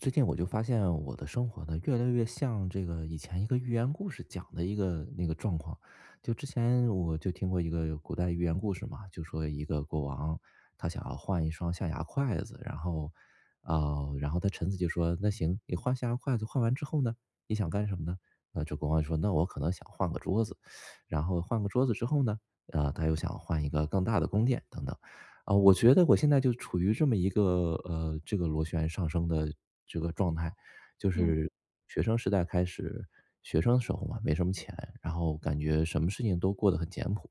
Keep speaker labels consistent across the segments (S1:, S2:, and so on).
S1: 最近我就发现我的生活呢，越来越像这个以前一个寓言故事讲的一个那个状况。就之前我就听过一个古代寓言故事嘛，就说一个国王，他想要换1双象牙筷子，然后，啊，然后他臣子就说：“那行，你换象牙筷子换完之后呢？你想干什么呢？”那这国王就说：“那我可能想换个桌子”，然后，换个桌子之后呢？啊，他又想换一个更大的宫殿等等。啊，我觉得我现在就处于这么一个，呃，这个螺旋上升的这个状态。就
S2: 明。
S1: 是学生时代开始学生的时候嘛，没什么钱，然后感觉什么事情都过得很简朴，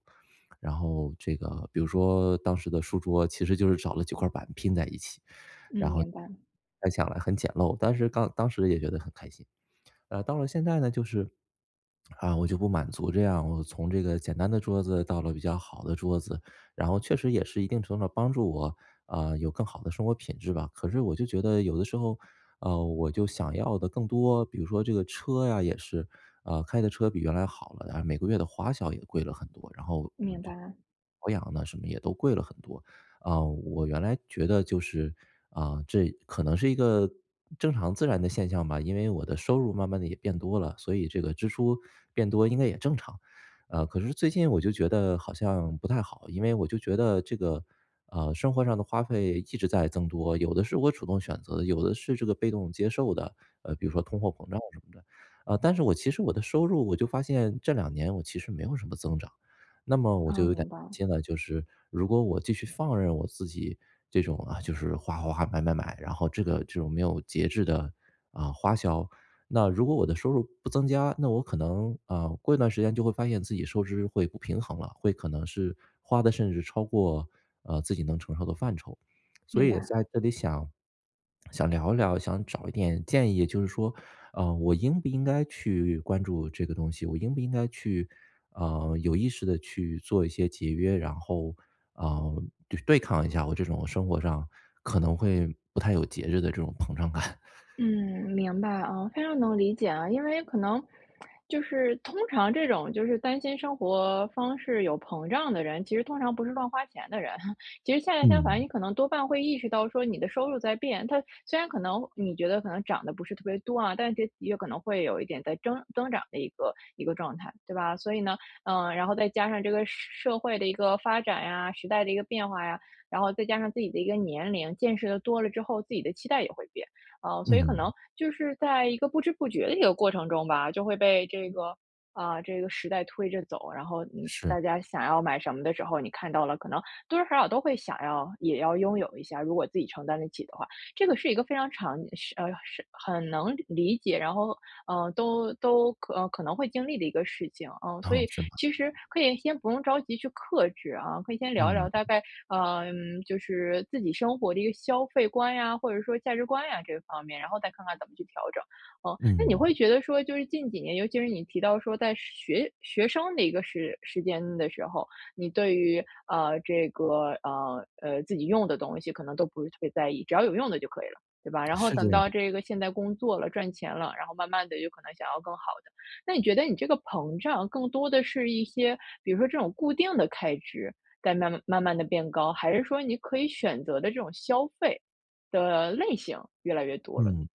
S1: 然后这个比如说当时的书桌其实就是找了几块板拼在一起。
S2: 嗯，
S1: 然后
S2: 明白。
S1: 想来很简陋，当时刚当时也觉得很开心。啊，到了现在呢，就是，啊，我就不满足这样。我从这个简单的桌子到了比较好的桌子，然后确实也是一定程度上帮助我，啊，有更好的生活品质吧。可是我就觉得有的时候，啊，我就想要得更多。比如说这个车呀也是，啊，开的车比原来好了，但是每个月的花销也贵了很多，然后，嗯，
S2: 明
S1: 就
S2: 白。
S1: 保养呢什么也都贵了很多。啊，我原来觉得就是，啊，这可能是一个正常自然的现象吧，因为我的收入慢慢地也变多了，所以这个支出变多应该也正常。呃，可是最近我就觉得好像不太好，因为我就觉得这个，呃，生活上的花费一直在增多，有的是我主动选择的，有的是这个被动接受的，呃，比如说通货膨胀什么的，呃，但是我其实我的收入我就发现，这两年我其实没有什么增长。那么我就
S2: 哦，
S1: 有点
S2: 明
S1: 担
S2: 白。
S1: 心了，就是如果我继续放任我自己这种啊，就是花花花、买买买，然后这个这种没有节制的，啊，花销，那如果我的收入不增加，那我可能，啊，过一段时间就会发现自己收支会不平衡了，会可能是花的甚至超过，呃，自己能承受的范畴。所
S2: 明
S1: 以也
S2: 白。
S1: 在这里想想聊一聊，想找一点建议就是说，啊，我应不应该去关注这个东西，我应不应该去，呃，有意识地去做一些节约，然后，呃，对对抗一下我这种生活上可能会不太有节制的这种膨胀感？
S2: 嗯，明白啊。非常能理解啊。因为可能，就是通常这种就是担心生活方式有膨胀的人，其实通常不是乱花钱的人，其实恰恰相反，你
S1: 嗯。
S2: 可能多半会意识到说你的收入在变，它虽然可能你觉得可能涨得不是特别多啊，但是有可能会有一点在增增长的一个一个状态，对吧？所以呢，嗯，然后再加上这个社社会的一个发展呀，时代的一个变化呀，然后再加上自己的一个年龄，见识得多了之后，自己的期待也会变。啊，所以可
S1: 嗯。
S2: 能就是在一个不知不觉的一个过程中吧，就会被这个，啊，这个时代推着走。然后，嗯，
S1: 是。
S2: 大家想要买什么的时候，你看到了可能多多少少都会想要也要拥有一下，如果自己承担得起的话。这个是一个非常常是呃，是很能理解，然后，呃，都都可呃，可能会经历的一个事情，呃。所
S1: 哦，
S2: 以
S1: 是吗？
S2: 其实可以先不用着急去克制啊。可以先聊一聊，
S1: 嗯。
S2: 大概，呃，就是自己生活的一个消费观呀，或者说价值观呀这方面，然后再看看怎么去调整。呃，那你会
S1: 嗯。
S2: 觉得说就是近几年，尤其是你提到说在学学生的一个时时间的时候，你对于，呃，这个，呃，呃，自己用的东西可能都不是特别在意，只要有用的就可以了，对吧？然后
S1: 是这
S2: 等
S1: 样。
S2: 到这个现在工作了，赚钱了，然后慢慢地有可能想要更好的。那你觉得你这个膨胀更多的是一些，比如说这种固定的开支，在慢慢慢慢地变高，还是说你可以选择的这种消费的类型越来越多了？
S1: 嗯，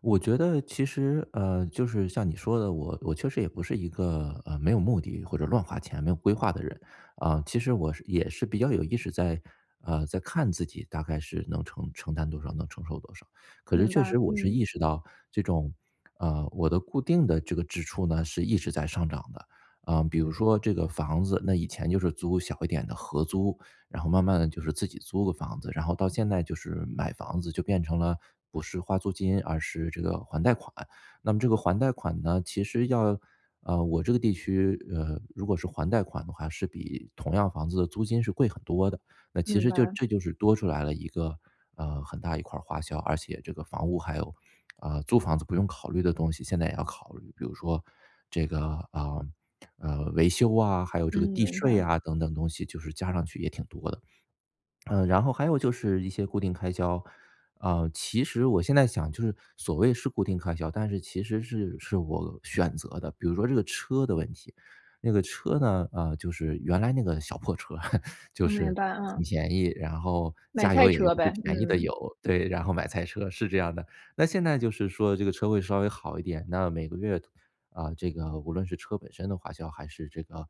S1: 我觉得其实，呃，就是像你说的，我我确实也不是一个，呃，没有目的或者乱花钱没有规划的人。啊，其实我是也是比较有意识在，呃，在看自己大概是能承承担多少，能承受多少。可是
S2: 明
S1: 确
S2: 白，
S1: 实我是
S2: 嗯。
S1: 意识到这种，呃，我的固定的这个支出呢是一直在上涨的。啊，比如说这个房子，那以前就是租小一点的合租，然后慢慢地就是自己租个房子，然后到现在就是买房子，就变成了不是花租金，而是这个还贷款。那么这个还贷款呢，其实要啊，我这个地区，呃，如果是还贷款的话是比同样房子的租金是贵很多的，那其
S2: 明
S1: 实就
S2: 白。
S1: 这就是多出来了一个，呃，很大一块儿花销，而且这个房屋还有啊，租房子不用考虑的东西现在也要考虑。比如说这个，啊，呃，维修啊，还有这
S2: 嗯，
S1: 个地
S2: 明
S1: 税
S2: 白。
S1: 啊等等东西，就是加上去也挺多的。嗯，然后还有就是一些固定开销。啊，其实我现在想就是所谓是固定开销，但是其实是是我选择的，比如说这个车的问题。那个车呢，啊，就是原来那个小破车 就
S2: 嗯，明
S1: 是
S2: 白，
S1: 很
S2: 嗯。
S1: 便宜，然后
S2: 买
S1: 加
S2: 菜
S1: 油也用
S2: 车
S1: 最
S2: 呗，
S1: 便宜的
S2: 嗯。
S1: 油。对，然后买菜车，是这样的。那现在就是说这个车会稍微好一点，那每个月，啊，这个无论是车本身的花销，还是这个，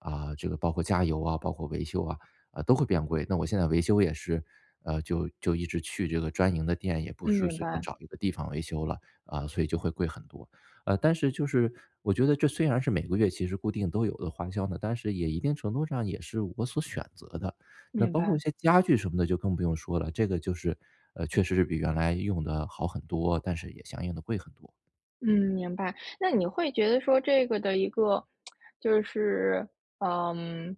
S1: 啊，这个包括加油啊，包括维修啊，呃，都会变贵。那我现在维修也是，呃，就就一直去这个专营的店，也不
S2: 嗯，
S1: 是
S2: 明
S1: 随便
S2: 白。
S1: 找一个地方维修了，啊，所以就会贵很多。啊，但是就是，我觉得这虽然是每个月其实固定都有的花销呢，但是也一定程度上也是我所选择的。那
S2: 明
S1: 包括
S2: 白。
S1: 一些家具什么的就更不用说了，这个就是，呃，确实是比原来用得好很多，但是也相应地贵很多。
S2: 嗯，明白，那你会觉得说这个的一个，就是，呃嗯，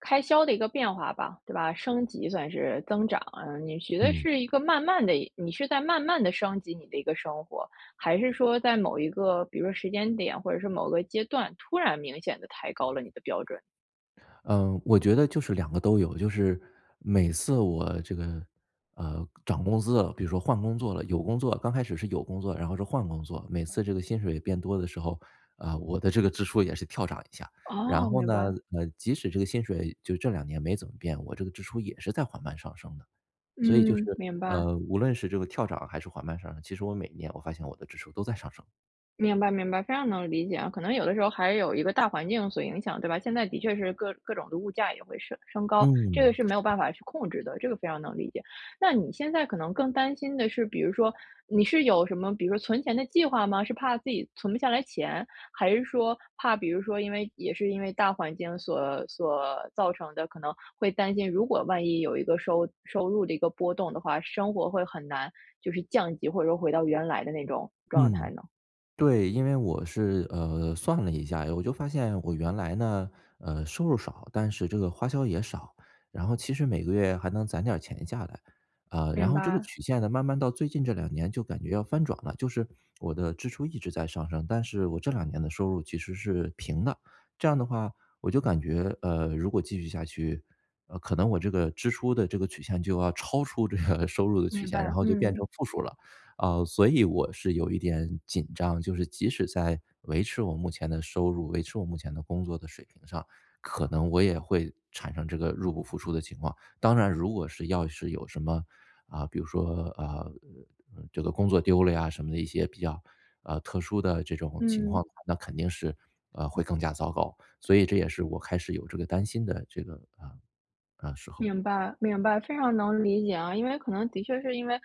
S2: 开销的一个变化吧，对吧，升级算是增长啊。你觉得
S1: 嗯。
S2: 是一个慢慢地一你是在慢慢地升级你的一个生活，还是说在某一个，比如说时间点，或者是某个阶段，突然明显地抬高了你的标准？
S1: 嗯，我觉得就是2个都有，就是每次我这个，呃，涨工资了，比如说换工作了，有工作刚开始是有工作，然后是换工作，每次这个薪水变多的时候，啊，我的这个支出也是跳涨一下。
S2: 哦，
S1: 然后
S2: 明
S1: 呢，
S2: 白。
S1: 呃，即使这个薪水就这2年没怎么变，我这个支出也是在缓慢上升的。所以就是
S2: 嗯，明白。
S1: 呃，无论是这个跳涨还是缓慢上升，其实我每年我发现我的支出都在上升。
S2: 明白，明白，非常能理解啊，可能有的时候还有一个大环境所影响，对吧？现在的确是各各种的物价也会升升高，这个
S1: 嗯，
S2: 是没有
S1: 是。
S2: 办法去控制的，这个非常能理解。那你现在可能更担心的是，比如说你是有什么，比如说存钱的计划吗？是怕自己存不下来钱，还是说怕比如说，因为也是因为大环境所所造成的，可能会担心，如果万一有一个收收入的一个波动的话，生活会很难，就是降级，或者说回到原来的那种状态
S1: 嗯，
S2: 呢？
S1: 对，因为我是呃，算了一下，我就发现我原来呢，呃，收入少，但是这个花销也少，然后其实每个月还能攒点儿钱下来。呃，然
S2: 明
S1: 后这个
S2: 白。
S1: 曲线呢，慢慢到最近这2年就感觉要翻转了，就是我的支出一直在上升，但是我这2年的收入其实是平的，这样的话我就感觉，呃，如果继续下去，呃，可能我这个支出的这个曲线就要超出这个收入的曲
S2: 明
S1: 线，然
S2: 白，
S1: 后就变
S2: 嗯。
S1: 成负数了。啊，所以我是有一点紧张，就是即使在维持我目前的收入，维持我目前的工作的水平上，可能我也会产生这个入不敷出的情况。当然如果是要是有什么，啊，比如说，啊，呃，呃，这个工作丢了呀什么的，一些比较，呃，特殊的这种情况
S2: 嗯。
S1: 的话，那肯定是，呃，会更加糟糕。所以这也是我开始有这个担心的这个啊，啊，时候。
S2: 明白，明白，非常能理解啊。因为可能的确是因为，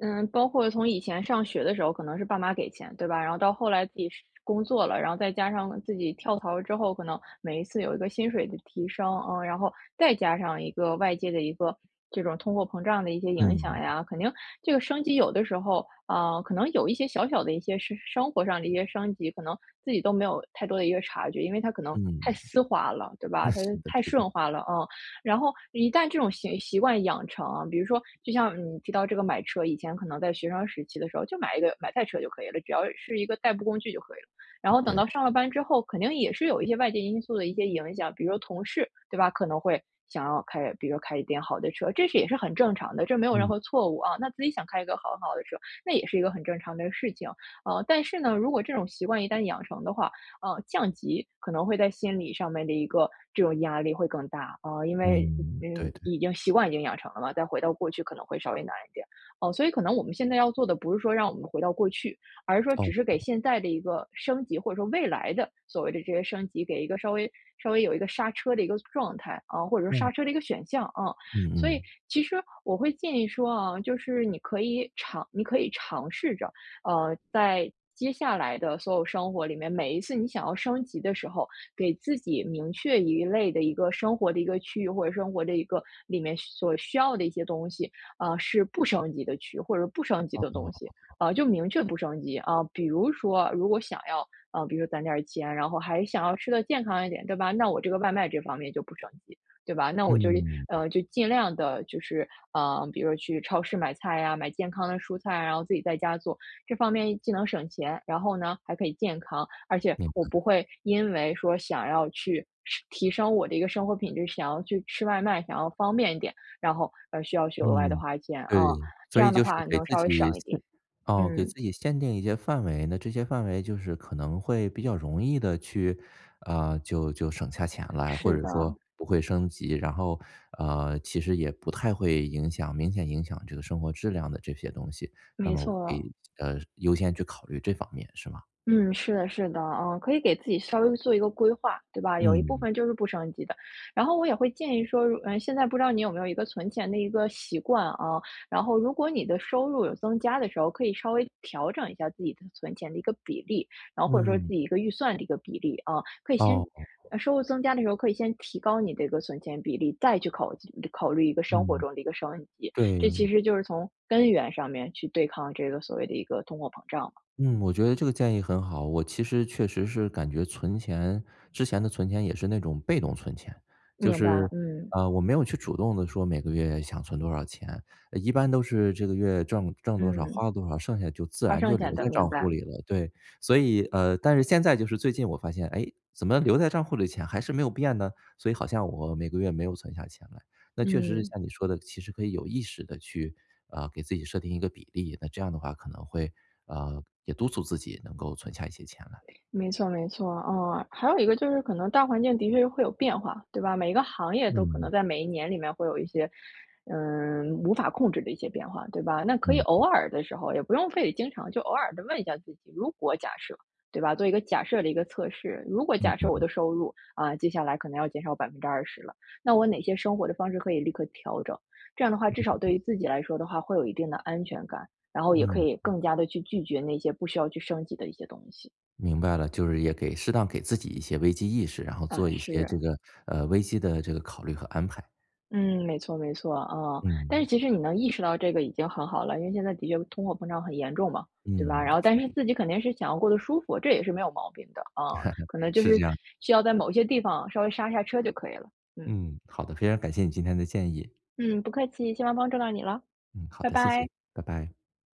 S2: 嗯，包括从以前上学的时候，可能是爸妈给钱，对吧？然后到后来自己是工作了，然后再加上自己跳槽了之后，可能每一次有一个薪水的提升，呃，然后再加上一个外界的一个这种通货膨胀的一些影响
S1: 嗯。
S2: 呀，肯定这个升级有的时候，啊，可能有一些小小的一些是生活上的一些升级，可能自己都没有太多的一个察觉，因为它可能太
S1: 嗯。
S2: 丝滑了，对吧？它
S1: 是的，
S2: 太
S1: 是的。
S2: 顺滑了，啊。然后一旦这种行习惯养成啊，比如说就像你提到这个买车，以前可能在学生时期的时候就买一个买代车就可以了，只要是一个代步工具就可以了。然后等
S1: 对。
S2: 到上了班之后，肯定也是有一些外界因素的一些影响，比如说同事，对吧，可能会想要开比如说开一点好的车，这是也是很正常的，这没有任
S1: 嗯。
S2: 何错误啊，那自己想开一个很好的车，那也是一个很正常的事情。啊，但是呢，如果这种习惯一旦养成的话，呃，降级可能会在心理上面的一个，这种压力会更大。啊，因为
S1: 嗯，对，
S2: 嗯，
S1: 对。
S2: 已经习惯已经养成了嘛，再回到过去可能会稍微难一点。哦，所以可能我们现在要做的不是说让我们回到过去，而是说
S1: 哦，
S2: 只是给
S1: 哦。
S2: 现在的一个升级，或者说未来的所谓的这些升级，给一个稍微稍微有一个刹车的一个状态，啊，或者说
S1: 哦。
S2: 刹车的一个选项，啊。
S1: 嗯
S2: 所以，
S1: 嗯。
S2: 其实我会建议说啊，就是你可以尝你可以尝试着，呃，在接下来的所有生活里面，每一次你想要升级的时候，给自己明确一类的一个生活的一个区域，或者生活的一个，里面所需要的一些东西，啊，是不升级的区域，或者是不升级
S1: 哦
S2: 的
S1: 哦
S2: 东西，
S1: 哦哦。
S2: 啊，就明确不升级。啊，比如说如果想要，啊，比如说攒点儿钱，然后还想要吃得健康一点，对吧？那我这个外卖这方面就不升级，对吧？那我就，
S1: 嗯。
S2: 呃，就尽量地就是，呃，比如说去超市买菜呀，买健康的蔬菜，然后自己在家做。这方面既能省钱，然后呢还可以健康，而且
S1: 明
S2: 我不
S1: 白。
S2: 会因为说想要去升提升我的一个生活品质，想要去吃外卖，想要方便一点，然后而需要去额外地
S1: 嗯，
S2: 花钱，啊。
S1: 对，
S2: 这
S1: 所以
S2: 样的
S1: 就是
S2: 话
S1: 给
S2: 能
S1: 自
S2: 稍微
S1: 己
S2: 省一
S1: 限
S2: 点。
S1: 啊，给
S2: 嗯。
S1: 自己限定一些范围，那这些范围就是可能会比较容易地去，啊，就就省下钱啦，或
S2: 是
S1: 者说
S2: 的。
S1: 不会升级。然后呃，其实也不太会影响明显影响这个生活质量的这些东西，那
S2: 没
S1: 么我可
S2: 错。
S1: 以，呃，优先去考虑这方面是吗？
S2: 嗯，是的，是的，啊，可以给自己稍微做一个规划，对吧？有一部
S1: 嗯。
S2: 分就是不升级的。然后我也会建议说如嗯，现在不知道你有没有一个存钱的一个习惯啊？然后如果你的收入有增加的时候，可以稍微调整一下自己的存钱的一个比例，然后或者说自
S1: 嗯。
S2: 己一个预算的一个比例，啊。可以
S1: 哦，
S2: 先-
S1: 哦哦。
S2: 收入增加的时候-可以先提高你的一个存钱比例，再去考考虑一个生活
S1: 嗯，
S2: 中的一个升级，这
S1: 对。
S2: 其实就是从根源上面去对抗这个所谓的一个通货膨胀嘛。
S1: 嗯，
S2: 嗯。
S1: 我觉得这个建议很好，我其实确实是感觉存钱，之前的存钱也是那种被动存钱，就
S2: 明白，
S1: 是
S2: 嗯。
S1: 啊，我没有去主动地说每个月想存多少钱，一般都是这个月挣挣多少
S2: 嗯。
S1: 花了多少，剩下就自
S2: 花
S1: 然
S2: 剩
S1: 就留
S2: 下的，
S1: 在
S2: 明
S1: 账户
S2: 白。
S1: 里了，对。所以，呃，但是现在就是最近我发现，哎，怎么留在账户里的钱还是没有变呢，所以好像我每个月没有存下钱来，那确实是
S2: 嗯。
S1: 像你说的，其实可以有意识地去，啊，给自己设定一个比例，那这样的话可能会，呃，也督促自己能够存下一些钱来。
S2: 没错，没错，嗯，还有一个就是可能大环境的确是会有变化，对吧？每个行业都可能
S1: 嗯。
S2: 在每一年里面会有一些，嗯，无法控制的一些变化，对吧？那可以
S1: 嗯
S2: 偶
S1: 嗯。
S2: 尔的时候，也不用非得经常，就偶尔地问一下自己，如果假设，对吧，做一个假设的一个测试。如果
S1: 嗯
S2: 假设我
S1: 嗯。
S2: 的收入，啊，接下来可能要减少20%了，那我哪些生活的方式可以立刻调整？这样的话，至
S1: 嗯
S2: 少对
S1: 嗯。
S2: 于自己来说的话会有一定的安全感，然后也可
S1: 嗯。
S2: 以更加地去拒绝那些不需要去升级的一些东西。
S1: 明白了，就是也给适当给自己一些危机意识，然后
S2: 啊，
S1: 做一些
S2: 是。
S1: 这个，呃，危机的这个考虑和安排。
S2: 嗯，没错，没错，啊，但是
S1: 嗯。
S2: 其实你能意识到这个已经很好了，因为现在的确通货膨胀很严重嘛，对吧？
S1: 嗯，
S2: 然后但
S1: 是。
S2: 是自己肯定是想要过得舒服，这也是没有毛病的，啊，可能就
S1: 是
S2: 是
S1: 这样。
S2: 需要在某一些地方稍微刹刹车就可以了，嗯。
S1: 嗯，好的，非常感谢你今天的建议。
S2: 嗯，不客气，希望帮助到你了，
S1: 嗯，好
S2: 拜
S1: 的，谢
S2: 拜。
S1: 谢，拜拜。